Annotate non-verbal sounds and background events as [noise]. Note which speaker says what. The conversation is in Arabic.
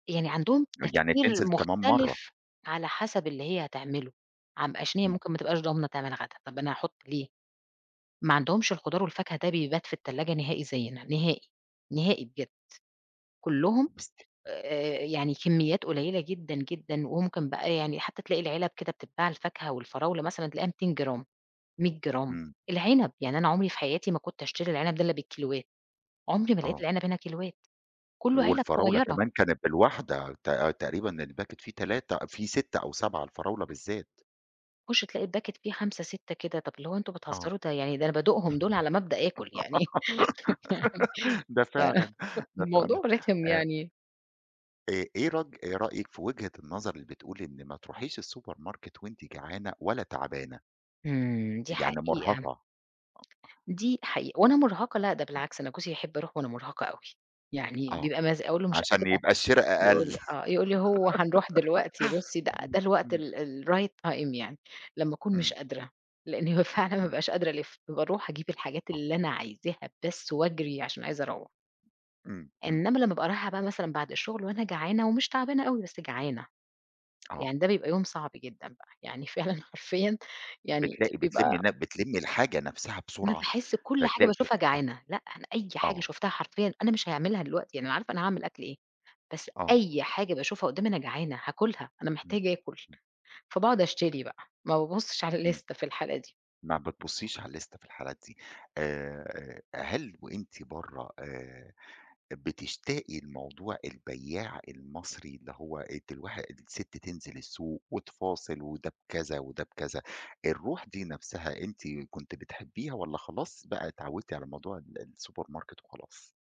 Speaker 1: يعني عندهم
Speaker 2: أ يعني
Speaker 1: التفكير
Speaker 2: تنزل كمان مرّه.
Speaker 1: مُختلف على حسب اللي هي هتعملُه، عم عشان هي
Speaker 2: إمم.
Speaker 1: ممكن ما تبقاش ضامنة تعمل غدا، طَب أنا هاحُط ليه؟ ما عندهمش الخضار والفاكهة ده بيبات في التلاجة نهائي زيّنا، نهائي، نهائي بجد، كلّهم
Speaker 2: بست
Speaker 1: آآ، يعني كميّات قليّلة جدًا جدًا، وممكن بقى يعني حتى تلاقي العِلَب كده بتتباع الفاكهة والفراولة مثلًا تلاقيها 200 جرام، 100 جرام،
Speaker 2: إمم.
Speaker 1: العِنَب، يعني أنا عمري في حياتي ما كنت اشتري العِنَب ده اللي بالكيلوات، عمري ما لقيت
Speaker 2: آه.
Speaker 1: العِنَب هنا كيلوات، كلُّه علب
Speaker 2: والفراولة
Speaker 1: صغيّرة.
Speaker 2: كمان كانت بالواحدة، ت تقريبًا الباكيت في 3 في 6 أو 7، الفراولة بالذّات.
Speaker 1: تخُشّ تلاقي الباكيت فيها 5، 6 كده، طَب اللي هو أنتم
Speaker 2: آه،
Speaker 1: بتهزروا، ده يعني ده أنا بادوقهم دول على ما أبدأ آكل يعني،
Speaker 2: [giggles]
Speaker 1: [laughs] فيعني
Speaker 2: ده
Speaker 1: ف
Speaker 2: فعلًا،
Speaker 1: [laughs]
Speaker 2: ده
Speaker 1: فالموضوع
Speaker 2: فعلًا
Speaker 1: رِخِم
Speaker 2: أ
Speaker 1: يعني
Speaker 2: آآ، إيه رج آآ، رأيِك في وجهة النظر اللي بتقول إن ما تروحيش السوبر ماركت وأنتِ جعانة ولا تعبانة؟
Speaker 1: إمم، دي
Speaker 2: يعني
Speaker 1: حقيقة،
Speaker 2: مُرهقة، آه.
Speaker 1: دي حقيقة وأنا مُرهقة لأ، ده
Speaker 2: [unintelligible]
Speaker 1: بالعكس أنا جوزي يحب أروح وأنا مُرهقة أوي، يعني
Speaker 2: آه،
Speaker 1: بيبقى مز أقول له مش
Speaker 2: عشان
Speaker 1: قادرة
Speaker 2: يبقى الشرا
Speaker 1: يقول
Speaker 2: أقل،
Speaker 1: لي آه، يقول لي: "هو هنروح دلوقتي،
Speaker 2: [giggles]
Speaker 1: بصّي بقى
Speaker 2: إمم،
Speaker 1: ده الوقت
Speaker 2: إمم.
Speaker 1: ال الright time يعني." لمّا أكون مش
Speaker 2: إمم.
Speaker 1: قادرة، لإن هو فعلًا ما
Speaker 2: إمم.
Speaker 1: بابقاش قادرة الِفّ، باروح أجيب الحاجات
Speaker 2: آه.
Speaker 1: اللي أنا عايزاها بس واجري،
Speaker 2: [unintelligible]
Speaker 1: عشان عايزة أروّح،
Speaker 2: إمم، إمم.
Speaker 1: إنمّا لمّا ابقى رايحة بقى مثلًا بعد الشغل وأنا جعانة ومش تعبانة أوي، بس جعانة،
Speaker 2: آه.
Speaker 1: يعني ده بيبقى يوم صعب جدًا بقى، يعني فعلًا حرفيًا يعني
Speaker 2: بتلاقي بتلمّي
Speaker 1: بيبقى
Speaker 2: نب بتلمّي الحاجة نفسها
Speaker 1: أنا
Speaker 2: بسرعة،
Speaker 1: باحس كل حاجة
Speaker 2: فتلاقي ف
Speaker 1: باشوفها
Speaker 2: آه،
Speaker 1: جعانة، لأ أنا أي حاجة
Speaker 2: آه.
Speaker 1: شُفتها حرفيًا أنا مش هيعملها دلوقتي، يعني أنا عارفة أنا هاعمل أكل إيه، بس
Speaker 2: آه.
Speaker 1: أي حاجة باشوفها قُدّامي أنا جعانة، هاكلها، أنا
Speaker 2: إمم،
Speaker 1: محتاجة آكل.
Speaker 2: إمم.
Speaker 1: فبقعُد أشتري بقى، ما بابُصِّش على
Speaker 2: إمم.
Speaker 1: اللِستة في الحالة دي.
Speaker 2: ما بتبصّيش على اللِستة في الحالات دي آآ، أ هل وأنتِ برّه، آآ، بتشتاقي لموضوع البيّاع المصري، اللي هو الت الواح الست تنزِل السوق وتفاصل وده بكذا، وده بكذا، الروح دي نفسها، أنتِ كنتِ بتحبّيها والَّا خلاص بقى اتعوّدتِ على موضوع ال السوبر ماركت وخلاص؟